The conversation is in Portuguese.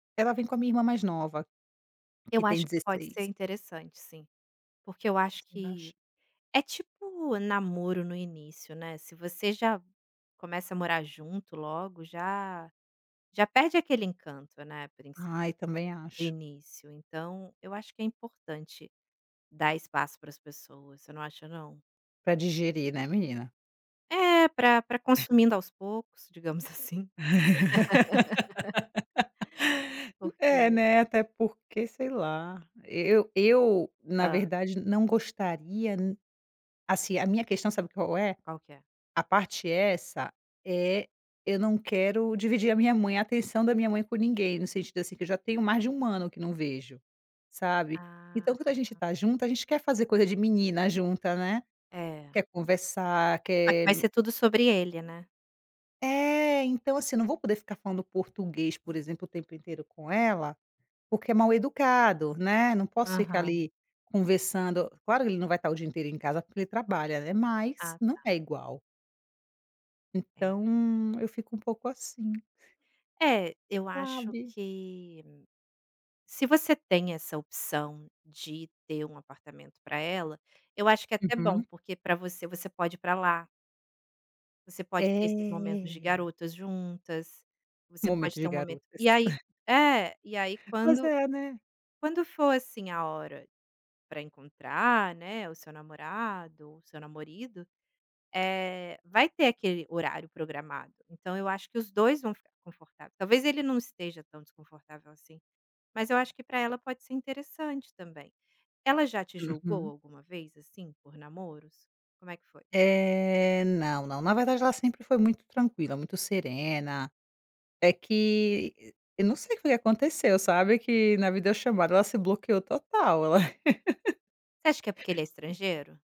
Ela vem com a minha irmã mais nova, que Eu tem acho que pode ser 16. interessante sim, porque eu acho Você que acha? é tipo namoro no início, né, se você já começa a morar junto logo, já já perde aquele encanto, né, princi Ai, também de acho. início, então eu acho que é importante dar espaço para as pessoas, você não acha não? Para digerir, né, menina. É, para para consumindo aos poucos, digamos assim. É Porque né, até porque, sei lá, e eu eu, na Hã. verdade, não gostaria n assim, a minha questão sabe qual é? Qual que é? A parte essa é eu não quero dividir a minha mãe, a atenção da minha mãe com ninguém, no sentido assim, que eu já tenho mais de 1 ano que não vejo, sabe, Ah. então quando a gente está junto a gente quer fazer coisa de menina junta, né. É. Quer conversar, [unintelligible] quer Vai ser tudo sobre ele, né. É, então assim, eu não vou poder ficar falando português, por exemplo, o tempo inteiro com ela, porque é mal-educado, né, não posso ficar Aham. ali conversando. Claro que ele não vai estar o dia inteiro em casa, porque ele trabalha, né, mas Ah não tá. é igual. É. Então eu fico um pouco assim. É, eu acho Sabe. que se você tem essa opção de ter um apartamento para ela, eu acho que é até bom, Uhum. porque para você, você pode ir para lá. Você pode ter esses momentos de É. garotas juntas. Você pode Momento ter de um momento garotas. e aí é, e aí Pois quando é, né. quando for assim, a hora para encontrar, né, o seu namorado, o seu namorido, eh, vai ter aquele horário programado, então eu acho que os 2 vão ficar confortável. Talvez ele não esteja tão desconfortável assim, mas eu acho que para ela pode ser interessante também. Ela já te julgou Uhum. alguma vez, assim, por namoros? Como é que foi? Eh, não, não, na verdade ela sempre foi muito tranquila, muito serena. É que eu não sei o que que aconteceu, sabe, que na vida eu chamo ela se bloqueou total ela Você acha que é porque ele é estrangeiro?